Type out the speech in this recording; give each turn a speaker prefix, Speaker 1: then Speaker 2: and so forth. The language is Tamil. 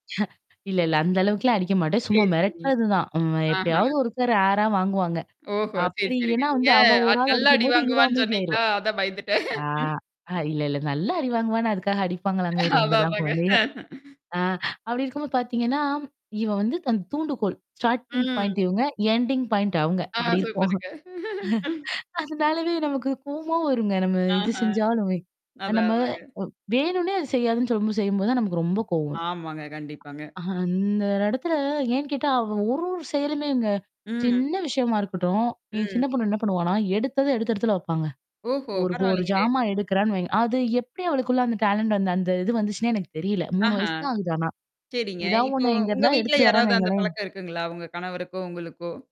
Speaker 1: இல்ல இல்ல, அந்த அளவுக்கு எல்லாம் அடிக்கமாட்டேன்.
Speaker 2: சரி,
Speaker 1: சும்மா
Speaker 2: சரி.
Speaker 1: மிரட்டுறதுதான். ம்
Speaker 2: ஆஹ.
Speaker 1: எப்பயாவது ஒரு ரேரா வாங்குவாங்க.
Speaker 2: ஓஹோ. சரி,
Speaker 1: அப்படி
Speaker 2: சரிங்க.
Speaker 1: ஏனா
Speaker 2: நீங்க
Speaker 1: வந்து அவன் ஒரு
Speaker 2: அது
Speaker 1: ஆளு
Speaker 2: நல்லா
Speaker 1: அடிக்கும்
Speaker 2: அடி
Speaker 1: போது இவ
Speaker 2: வாங்குவேன்னு
Speaker 1: அமைதி ஆயிருவா.
Speaker 2: சொன்னீங்களா, அதான் பயந்துட்டேன்.
Speaker 1: ஆ இல்ல இல்ல. நல்லா அடி வாங்குவானா, அதுக்காக அடிப்பாங்களாங்க
Speaker 2: அதான்
Speaker 1: ரொம்பலாம்
Speaker 2: அதாங்க.
Speaker 1: குழந்தைய. ஆ அப்படி இருக்கும்போது பார்த்தீங்கன்னா, இவ வந்து அந்தத் தூண்டுகோல், ஸ்டார்ட்டிங் பாயிண்ட்
Speaker 2: ம்.
Speaker 1: இவங்க, எண்டிங் பாயிண்ட் அவங்க.
Speaker 2: ஆ,
Speaker 1: அப்படி இருப்போம்.
Speaker 2: சூப்பருங்க.
Speaker 1: அதனாலவே நமக்குக் கோவமா வருங்க. நம்ம எது
Speaker 2: அஹ்ம்,
Speaker 1: செஞ்சாலுமே
Speaker 2: அதான்
Speaker 1: நம்ம இவ்
Speaker 2: அதாங்க.
Speaker 1: வேணும்னே அத செய்யாதுன்னு சொல்லும்போது தான் நமக்கு ரொம்ப கோவம் வரும்.
Speaker 2: ஆமாங்க, கண்டிப்பாங்க.
Speaker 1: அஹ அந்த இடத்துல ஏன் கேட்டா அவ ஒரு ஒரு செயலையுமேங்க,
Speaker 2: ம்.
Speaker 1: சின்ன விஷயமா இருக்கட்டும், என்
Speaker 2: ம்.
Speaker 1: சின்னப் பொண்ணு என்ன பண்ணுவான்னா எடுத்ததை எடுத்த இடத்துல வப்பாங்க.
Speaker 2: ஓஹோ.
Speaker 1: ஒரு ஒரு
Speaker 2: பரவாயில்லைங்களே!
Speaker 1: ஜாமா எடுக்குறான்னு வைங்க அது எப்படி அவளுக்குள்ள அந்த டெலன்ட் அந்த இது வந்துச்சுன்னு எனக்குத் தெரியல. 3
Speaker 2: ஆஹ,
Speaker 1: வயசு தான் ஆகுது ஆனா.
Speaker 2: சரிங்க.
Speaker 1: ஏதாவது
Speaker 2: இப்போ
Speaker 1: ஒண்ண
Speaker 2: உங்க
Speaker 1: எங்கிருந்தாது
Speaker 2: வீட்ல
Speaker 1: எடுத்திட்டு வரான்னு
Speaker 2: யாராவது அந்தப்
Speaker 1: வைங்களேன்
Speaker 2: பழக்கம் இருக்குங்களா, உங்க கணவருக்குவோ உங்களுக்கோ?